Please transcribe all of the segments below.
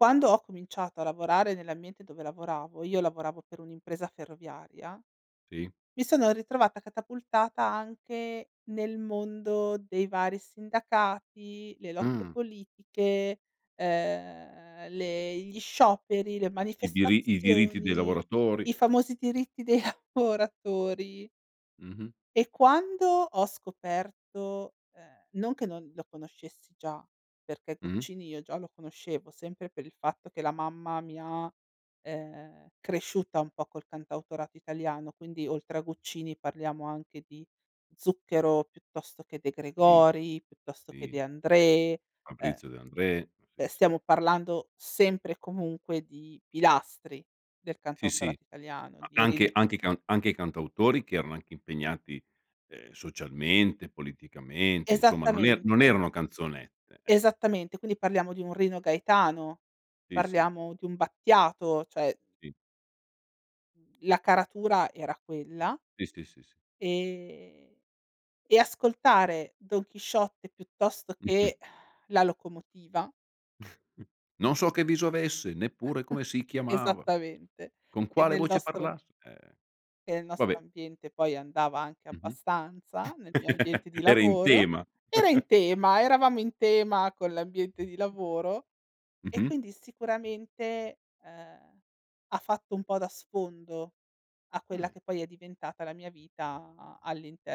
Quando ho cominciato a lavorare nell'ambiente dove lavoravo, io lavoravo per un'impresa ferroviaria; Sì. mi sono ritrovata catapultata anche nel mondo dei vari sindacati, le lotte Mh. politiche, ehm, le gli scioperi, le I diri i diritti dei manifestazioni, lavoratori. i famosi diritti dei lavoratori. Mh-mh. E quando ho scoperto ehm, non che non lo conoscessi già, perché Mh-mh. Guccini io già lo conoscevo, sempre per il fatto che la mamma mi ha, ehm, cresciuta un po' col cantautorato italiano, quindi oltre a Guccini parliamo anche di Zucchero piuttosto che De Sì. Gregori, piuttosto che Sì. De André. Uhm, Fabrizio De André, cioè, sì, sì. stiamo parlando sempre e comunque di pilastri del Sì, sì. cantautorato italiano, A di anche i Rino anche cant anche cantautori che erano anche impegnati, ehm, socialmente, politicamente, insomma, non er Esattamente. non erano canzonette, eh. Esattamente. Quindi parliamo di un Rino Gaetano, Sì, sì. parliamo di un Battiato, cioè Sì. La caratura era quella Sì, sì, sì, sì. ehm e ascoltare Don Chisciotte piuttosto che, La locomotiva Non so che viso avesse, neppure come si chiamava. Esattamente. Con E quale nel voce nostro parlas Ehm, E nel nostro vabbè. ambiente poi andava anche Mh-mh. abbastanza, nel mio ambiente di Era in lavoro. tema. Era in tema, eravamo in tema con l'ambiente di lavoro. E Mh-mh. quindi sicuramente, ehm, ha fatto un po' da sfondo a quella Ah. che poi è diventata la mia vita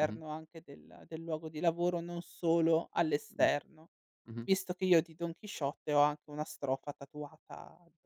Mh-mh. anche del del luogo di lavoro, non solo all'esterno, Mh-mh. visto che io di Don Chisciotte ho anche una strofa tatuata addo